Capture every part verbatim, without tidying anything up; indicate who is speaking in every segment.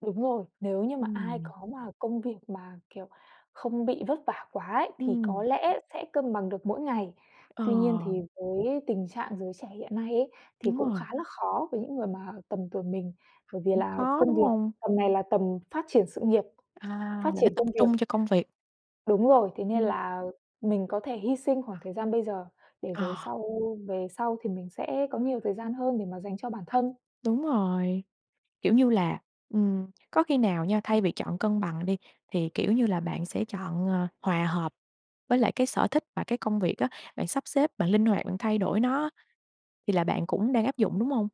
Speaker 1: Đúng rồi, nếu như mà ai
Speaker 2: Ừm.
Speaker 1: có mà công việc mà, kiểu, không bị vất vả quá ấy thì có
Speaker 2: Ừm.
Speaker 1: lẽ sẽ cân bằng được mỗi ngày. Tuy nhiên,
Speaker 2: Ờ.
Speaker 1: thì với tình trạng giới trẻ hiện nay ấy, thì
Speaker 2: Đúng
Speaker 1: cũng khá
Speaker 2: rồi.
Speaker 1: là khó với những người mà tầm tuổi mình, bởi vì
Speaker 2: Cũng
Speaker 1: là
Speaker 2: khó,
Speaker 1: công
Speaker 2: đúng
Speaker 1: việc
Speaker 2: hông?
Speaker 1: tầm này là tầm phát triển sự nghiệp,
Speaker 2: À,
Speaker 1: phát
Speaker 2: là phải
Speaker 1: triển
Speaker 2: tập
Speaker 1: công việc.
Speaker 2: trung cho công việc.
Speaker 1: Đúng rồi, thế nên
Speaker 2: Ừm.
Speaker 1: là mình có thể hy sinh khoảng thời gian bây giờ để rồi
Speaker 2: Ờ.
Speaker 1: sau về sau thì mình sẽ có nhiều thời gian hơn để mà dành cho bản thân.
Speaker 2: Đúng rồi, kiểu như là ừm, có khi nào nha,
Speaker 1: Ừm.
Speaker 2: thay vì chọn cân bằng đi, thì, kiểu như là, bạn sẽ chọn, ờ, hòa hợp với lại cái sở thích và cái công việc á, bạn sắp xếp, bạn linh hoạt, bạn thay đổi nó á? Thì là bạn cũng đang áp dụng, đúng hông?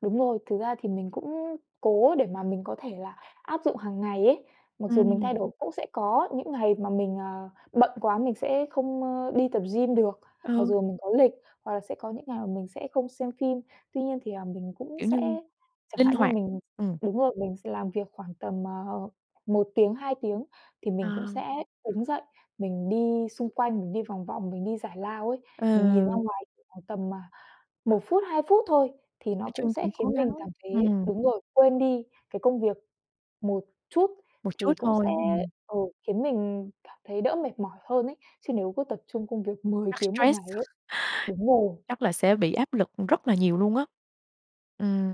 Speaker 1: Đúng rồi, thực ra thì mình cũng cố để mà mình có thể là áp dụng hàng ngày ấy. Mặc dù mình thay
Speaker 2: Ừm.
Speaker 1: đổi, cũng sẽ có những ngày mà mình, ờ, bận quá mình sẽ không, ơ, đi tập gym được, mặc
Speaker 2: Ừ.
Speaker 1: dù mình có lịch, hoặc là sẽ có những ngày mà mình sẽ không xem phim. Tuy nhiên thì, ờ, mình cũng
Speaker 2: Kiểu
Speaker 1: sẽ
Speaker 2: như
Speaker 1: chẳng
Speaker 2: linh
Speaker 1: hạn như
Speaker 2: hoạt.
Speaker 1: mình
Speaker 2: Ừm.
Speaker 1: đúng rồi, mình sẽ làm việc khoảng tầm, ờ, một tiếng, hai tiếng thì
Speaker 2: Ờ.
Speaker 1: mình cũng sẽ đứng dậy, mình đi xung quanh, mình đi vòng vòng, mình đi giải lao ấy. Mình nhìn ra
Speaker 2: Ừ.
Speaker 1: ngoài khoảng tầm, à, một phút, hai phút thôi thì nó
Speaker 2: Nói
Speaker 1: cũng
Speaker 2: chung
Speaker 1: sẽ
Speaker 2: cũng cố
Speaker 1: khiến
Speaker 2: gắng.
Speaker 1: mình cảm thấy
Speaker 2: Ừm.
Speaker 1: đúng rồi, quên đi cái công việc một chút,
Speaker 2: Một chút
Speaker 1: thì cũng sẽ
Speaker 2: thôi, ừm.
Speaker 1: ờ, khiến mình cảm thấy đỡ mệt mỏi hơn ấy. Chứ nếu cứ tập trung công việc mười
Speaker 2: Chắc
Speaker 1: tiếng một
Speaker 2: stress.
Speaker 1: ngày ấy đúng rồi.
Speaker 2: Chắc là sẽ bị áp lực rất là nhiều luôn á. Ừm.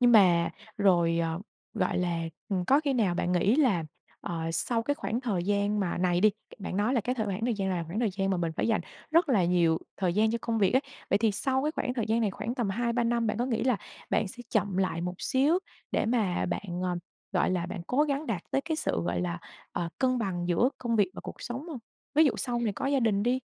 Speaker 2: Nhưng mà, rồi, ờ, gọi là, ừm, có khi nào bạn nghĩ là, ờ, sau cái khoảng thời gian mà này đi, bạn nói là cái thời khoảng thời gian là khoảng thời gian mà mình phải dành rất là nhiều thời gian cho công việc ấy. Vậy thì sau cái khoảng thời gian này khoảng tầm hai ba năm, bạn có nghĩ là bạn sẽ chậm lại một xíu để mà bạn, ờ, gọi là, bạn cố gắng đạt tới cái sự, gọi là, ờ, cân bằng giữa công việc và cuộc sống hông? Ví dụ sau này có gia đình đi.